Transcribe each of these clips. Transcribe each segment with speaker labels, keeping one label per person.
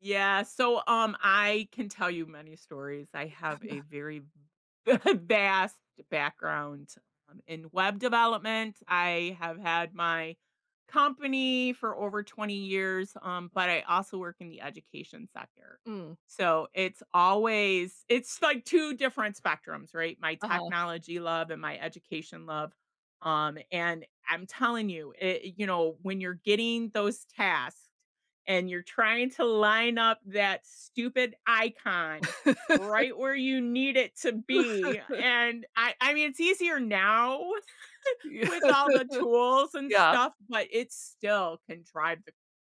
Speaker 1: Yeah, so, um, I can tell you many stories. I have a very vast background um, in web development. I have had my company for over 20 years, um, but I also work in the education sector.
Speaker 2: Mm.
Speaker 1: So, it's always it's like 2 different spectrums, right, my
Speaker 2: Uh-huh.
Speaker 1: technology love and my education love um, and I'm telling you, i you know, when you're getting those tasked and you're trying to line up that stupid icon, right where you need it to be and I I mean, it's easier now
Speaker 2: Yeah.
Speaker 1: with all the tools and
Speaker 2: Yeah.
Speaker 1: stuff, but it still can drive the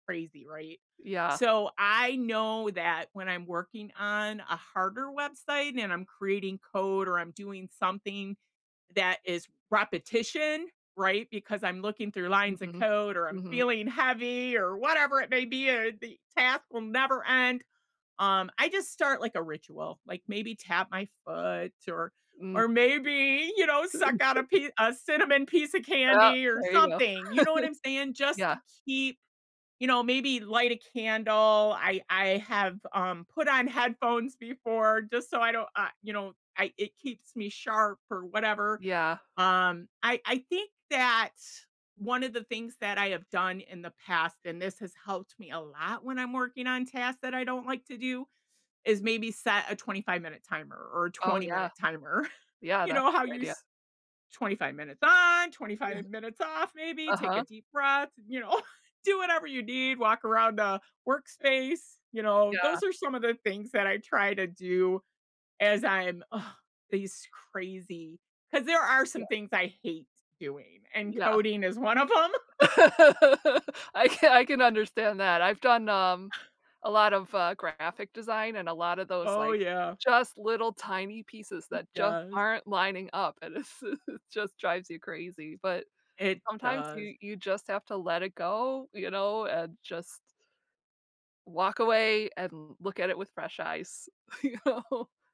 Speaker 1: crazy, right?
Speaker 2: Yeah.
Speaker 1: So, I know that when I'm working on a harder website, and I'm creating code or I'm doing something that is repetition, right, because I'm looking through lines of
Speaker 2: Mhm,
Speaker 1: code, or I'm
Speaker 2: mhm.
Speaker 1: feeling heavy, or whatever it may be, or the task will never end um, I just start like a ritual, like maybe tap my foot or
Speaker 2: Mm.
Speaker 1: or maybe, you know, suck out
Speaker 2: [unintelligible]
Speaker 1: a pie a cinnamon piece of
Speaker 2: Uh,
Speaker 1: candy or
Speaker 2: there you go.
Speaker 1: something, you know what I'm saying? Just to
Speaker 2: Yeah.
Speaker 1: keep you know, maybe light a candle. I I have, um, put on headphones before, just so I don't, uh, you know, I it keeps me sharp or whatever
Speaker 2: Yeah.
Speaker 1: um, I I think that 1 of the things that I have done in the past, and this has helped me a lot when I'm working on tasks that I don't like to do, is maybe set a 25 minute timer, or a
Speaker 2: Oh
Speaker 1: 20
Speaker 2: yeah.
Speaker 1: minute timer,
Speaker 2: Yeah,
Speaker 1: you
Speaker 2: that's
Speaker 1: know, how
Speaker 2: a good
Speaker 1: you
Speaker 2: idea.
Speaker 1: s 25 minutes on, 25 minutes off, maybe, take a
Speaker 2: Uh-huh.
Speaker 1: deep breath, you know, do whatever you need, walk around a workspace, you know,
Speaker 2: Yeah.
Speaker 1: those are some of the things that I try to do as I'm ugh, these crazy 'cause there are
Speaker 2: Yeah.
Speaker 1: some things I hate doing, and
Speaker 2: Yeah.
Speaker 1: coding is 1 of 'em.
Speaker 2: I can I can understand that. I've done, um, a lot of uh, graphic design and a lot of those,
Speaker 1: Oh
Speaker 2: like,
Speaker 1: yeah.
Speaker 2: just little tiny pieces that just
Speaker 1: Yes.
Speaker 2: aren't lining up and it s just drives you crazy, but
Speaker 1: It
Speaker 2: sometimes
Speaker 1: does.
Speaker 2: you you just have to let it go, you know, and just walk away and look at it with fresh eyes, you know.